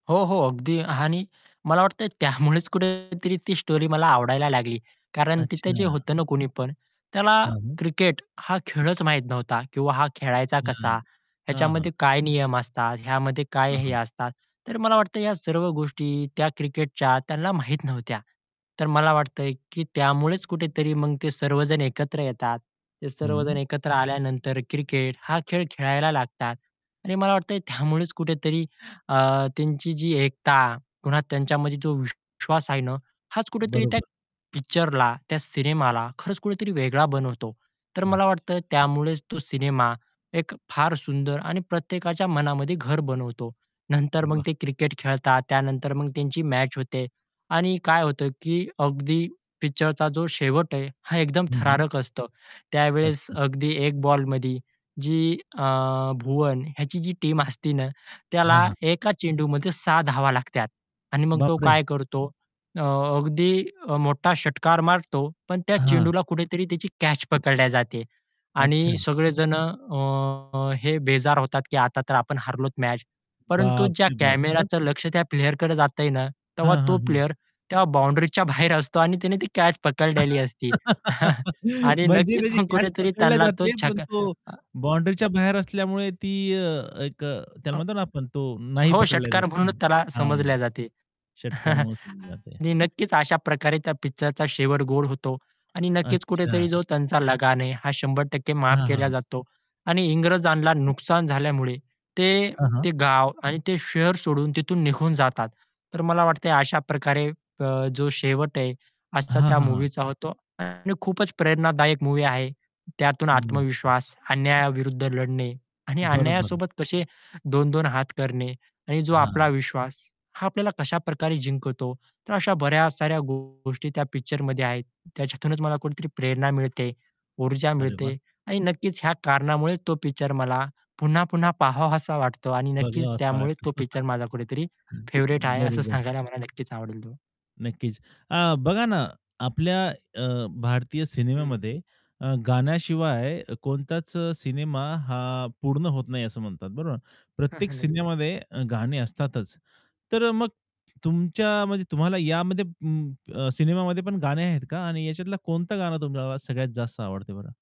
हो, हो. अगदी आणि मला वाटतं त्यामुळेच कुठेतरी ती स्टोरी मला आवडायला लागली कारण तिथे जे अच्छा. होतं ना कुणीपण त्याला हां, मग? क्रिकेट हा खेळच माहीत नव्हता किंवा हा खेळायचा अच्छा. कसा? हां, ह्याच्यामध्ये हां. काय नियम असतात? ह्यामध्ये काय हां, हे हं. असतात? तर मला वाटतं या सर्व गोष्टी त्या क्रिकेटच्या त्यांना माहीत नव्हत्या. तर मला वाटतंय की त्यामुळेच कुठेतरी मग ते सर्वजण एकत्र येतात. ते सर्वजण हं. एकत्र आल्यानंतर क्रिकेट हा खेळ खेळायला लागतात आणि मला वाटतंय त्यामुळेच कुठेतरी अ, त्यांची जी एकता, पुन्हा त्यांच्यामध्ये जो विश्वास आहे ना हाच कुठेतरी त्या बरोबर. पिक्चरला, त्या सिनेमाला खरंच कुठेतरी वेगळा बनवतो. तर मला वाटतं अच्छा. त्यामुळेच तो सिनेमा एक फार सुंदर आणि प्रत्येकाच्या मनामध्ये घर बनवतो. नंतर मग वाह! ते क्रिकेट खेळतात. त्यानंतर मग त्यांची मॅच होते. आणि काय होतं की अगदी पिक्चरचा जो शेवट आहे हा एकदम हं, हं. थरारक असतो. त्यावेळेस अच्छा. अगदी 1 बॉलमध्ये जी अ, भुवन ह्याची जी टीम असते ना हां, त्याला हां. एका चेंडूमध्ये 6 धावा लागतात. आणि मग तो बापरे! काय करतो. अ, अगदी अ, मोठा षटकार मारतो. पण त्या हां. चेंडूला कुठेतरी त्याची कॅच पकडली जाते. आणि अच्छा. सगळे जणं अ, अ, हे बेजार होतात की आता तर आपण हरलोत मॅच. परंतु ज्या बापरे बाप! मग? कॅमेराच लक्ष त्या प्लेयरकडे जातंय ना तेव्हा हां, तो हां, हां. प्लेयर तेव्हा बाउंडरीच्या बाहेर असतो आणि त्याने ती कॅच पकडलेली असती. आणि म्हणजे नक्कीच त्याची मग कॅच कुठेतरी पकडली त्यांना तो जाते. पण छका तो अ अ बाउंडरीच्या बाहेर असल्यामुळे ती अ, एक अ, त्याला अ म्हणतो ना आपण तो नाही हो, पकडला जात. षटकार आहे ना? म्हणूनच त्याला हां, समजले जाते. षटकार मोजली जाते. आणि नक्कीच अशा प्रकारे त्या पिक्चरचा शेवट गोड होतो. आणि नक्कीच अच्छा. कुठेतरी जो त्यांचा लगान आहे हा 100% माफ हां, केला हां. जातो. आणि इंग्रजांना नुकसान झाल्यामुळे ते, हां, हां. ते गाव आणि ते शहर सोडून तिथून निघून जातात. तर मला वाटतंय अशा प्रकारे अ, जो शेवट आहे असा हां, त्या हां, हां. मूव्हीचा होतो. आणि खूपच प्रेरणादायक मूव्ही आहे. त्यातून हं. नक्की. आत्मविश्वास, अन्यायाविरुद्ध लढणे आणि बरोबर. अन्यायासोबत कसे दोन-दोन हात करणे आणि जो आपला हां. विश्वास हा आपल्याला कशाप्रकारे जिंकवतो. तर अशा बऱ्या साऱ्या गोष्टी त्या पिक्चरमध्ये आहेत. त्याच्यातूनच मला कुठेतरी प्रेरणा मिळते, ऊर्जा अरे वाह! मिळते आणि नक्कीच ह्या कारणामुळे तो पिक्चर मला पुन्हा, पुन्हा पाहावासा वाटतो आणि नक्कीच बघवा असा त्यामुळे वाटतो. तो पिक्चर माझा कुठेतरी फेव्हरेट हं. आहे असं बरोबर. सांगायला मला नक्कीच आवडेल तो. नक्कीच. अ, बघा ना आपल्या अ, भारतीय हं. सिनेमामध्ये अ, गाण्याशिवाय कोणताच सिनेमा हा पूर्ण होत नाही असं म्हणतात. बरोबर ना. हां, प्रत्येक हां. नक्की. सिनेमामध्ये गाणी असतातच. तर अ, मग तुमच्या म्हणजे तुम्हाला यामध्ये ऊं, अ, सिनेमामध्ये पण गाणे आहेत का आणि याच्यातला कोणतं गाणं तुम्हाला सगळ्यात जास्त आवडते बरं?